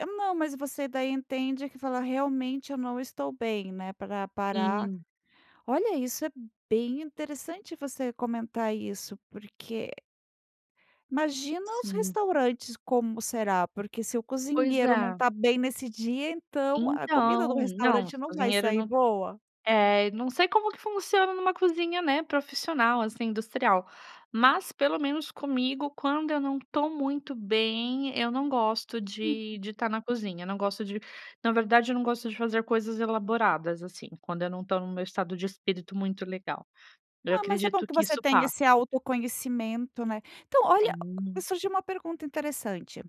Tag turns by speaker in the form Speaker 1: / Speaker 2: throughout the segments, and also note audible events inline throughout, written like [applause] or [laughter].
Speaker 1: Eh, não, mas você daí entende que fala: "Realmente eu não estou bem, né, para parar",
Speaker 2: Sim.
Speaker 1: olha, isso é bem interessante você comentar isso porque imagina os
Speaker 2: Sim.
Speaker 1: restaurantes, como será, porque se o
Speaker 2: Pois
Speaker 1: cozinheiro não
Speaker 2: é.
Speaker 1: está bem nesse dia, então a comida do
Speaker 2: Então não,
Speaker 1: restaurante
Speaker 2: esse
Speaker 1: não vai
Speaker 2: cozinheiro
Speaker 1: sair
Speaker 2: não
Speaker 1: boa?
Speaker 2: é, não sei como que funciona em uma cozinha, né, profissional, assim, industrial, mas pelo menos comigo, quando eu não estou muito bem eu não gosto de
Speaker 1: Uhum.
Speaker 2: de tá na cozinha, não gosto de na verdade, eu não gosto de fazer coisas elaboradas, assim, quando eu não estou no meu estado de espírito muito legal, eu
Speaker 1: Ah, mas é bom
Speaker 2: acredito
Speaker 1: que
Speaker 2: que
Speaker 1: você
Speaker 2: isso
Speaker 1: tenha
Speaker 2: passa.
Speaker 1: esse autoconhecimento, né, então, olha,
Speaker 2: Sim.
Speaker 1: surgiu uma pergunta interessante: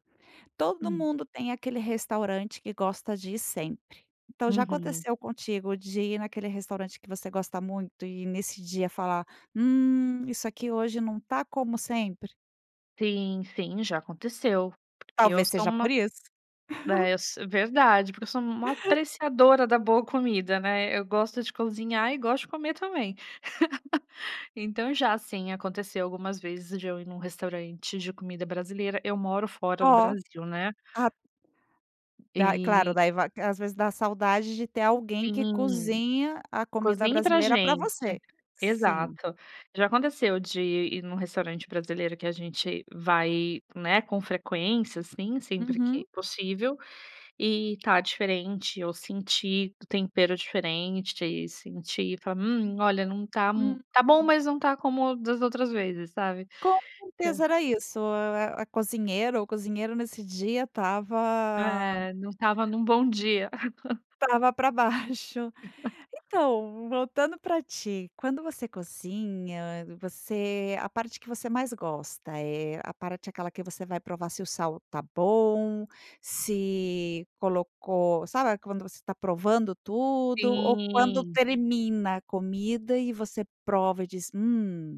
Speaker 1: todo
Speaker 2: Hum.
Speaker 1: mundo tem aquele restaurante que gosta de ir sempre, então já
Speaker 2: Uhum.
Speaker 1: aconteceu contigo de ir naquele restaurante que você gosta muito e nesse dia falar: "Hum isso aqui hoje não está como sempre?".
Speaker 2: Sim, sim, já aconteceu porque eu
Speaker 1: Talvez
Speaker 2: sou
Speaker 1: seja por
Speaker 2: uma
Speaker 1: isso. [laughs]
Speaker 2: é, eu so verdade, porque eu sou uma
Speaker 1: [laughs]
Speaker 2: apreciadora da boa comida, né, eu gosto de cozinhar e gosto de comer também, [laughs] então, já sim, aconteceu algumas vezes de eu ir em um restaurante de comida brasileira eu moro fora do
Speaker 1: Ó
Speaker 2: Brasil, né.
Speaker 1: a daí claro,
Speaker 2: E
Speaker 1: daí vai às vezes dá saudade de ter alguém que
Speaker 2: Sim.
Speaker 1: cozinha a comida
Speaker 2: "Cozinhe para
Speaker 1: brasileira para
Speaker 2: gente.".
Speaker 1: você, sim.
Speaker 2: Exato. Já aconteceu de ir em um restaurante brasileiro que a gente vai, né, com frequência, assim, sempre
Speaker 1: Uhum.
Speaker 2: que possível e está diferente, eu senti o tempero diferente e senti falar: "Hum, olha não tá mui
Speaker 1: Hum.
Speaker 2: tá bom,
Speaker 1: Uhum.
Speaker 2: mas não está como das outras vezes" sabe.
Speaker 1: Com
Speaker 2: Então
Speaker 1: certeza, era isso. Ah, a cozinheira ou cozinheiro, nesse dia estava
Speaker 2: É, não estava em um bom dia. [chuckles]
Speaker 1: estava para baixo.
Speaker 2: [chuckles]
Speaker 1: Então, voltando para ti, quando você cozinha você a parte que você mais gosta, eh, a parte aquela que você vai provar se o sal está bom, se colocou sabe quando você está provando tudo, ou quando
Speaker 2: Sim.
Speaker 1: termina a comida e você prova e diz: "Hum.".